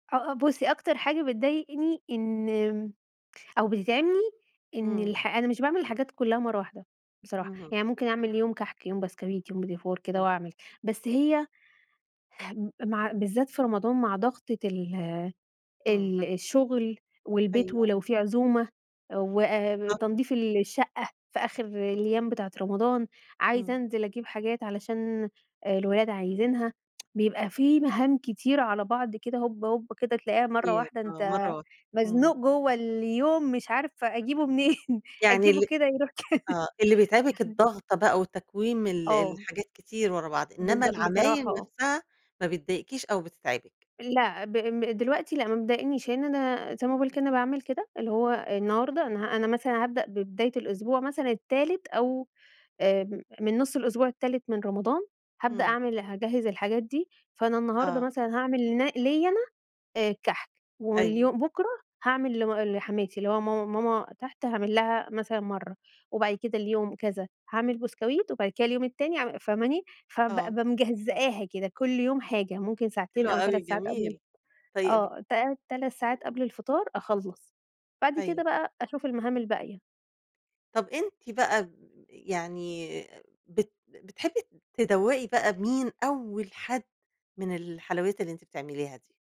آه آه بُصّي، أكتر حاجة بتضايقني إن أو بتتعبني إن امم. الح أنا مش باعمل الحاجات كلّها مرّه واحدة بصراحة، اهم. يعني ممكن أعمل يوم كحك يوم بسكويت يوم بيتيفور كده امم. وأعمل، بس هي هم مع بالذات في رمضان مع ضغطة ال امم. ال الشغل والبيت، أيوه. ولو في عزومة بالضبط. وتنضيف الشقة في آخر الأيام بتاعة رمضان، عايزة إمم. أنزل أجيب حاجات علشان الولاد عايزينها، بيبقى في مهام كتيرة على بعض كده هوب هوب، كده تلاقيها مرّه كتير واحدة آه، أنت مرّه واحدة، امم. مزنوق جوّه اليوم، مش عارف أجيبُه منين، يعني أجيبُه ال كده يروح كده. آه اللي بيتعبك الضغطة بقى، وتكويم ال آه. الحاجات كتير ورا بعض، إنّما بالض بصراحة العمايل آه. نفسها ما بتضايقكيش أو بتتعبك؟ لأ، ب دلوقتي لأ مبتضايقنيش لإن أنا زي ما باقول كده أنا باعمل كده، اللي هو النهارده أنا أنا مثلًا هابدأ ببداية الأسبوع مثلًا التالت أو آآ من نُص الأسبوع التالت من رمضان، هابدأ امم. أعمل هاجهّز الحاجات دي، فأنا النهارده آه. مثلًا هاعمل ن ليّا أنا الكحك، أيوه. واليوم بُكرة هاعمل لم لحماتي اللي هو ماما ماما تحت هاعمل لها مثلًا مرّه، وبعد كده اليوم كذا هاعمل بسكويت، وبعد كده اليوم التاني أع فاهماني، فب آه. بابقى مجزئاها كده كل يوم حاجة، ممكن حلو ساعتين أو أوي، 3 ساعات قبل جميل، طيب آه، ت 3 ساعات امم. قبل الفطار أخلّص، بعد كده أيوه. بقى أشوف المهام الباقية. طَب أنتِ بقى ج يعني آآ، بت بتحبي تدوَّقي بقى مين أول حد من الحلويات اللي أنتِ بتعمليها دي؟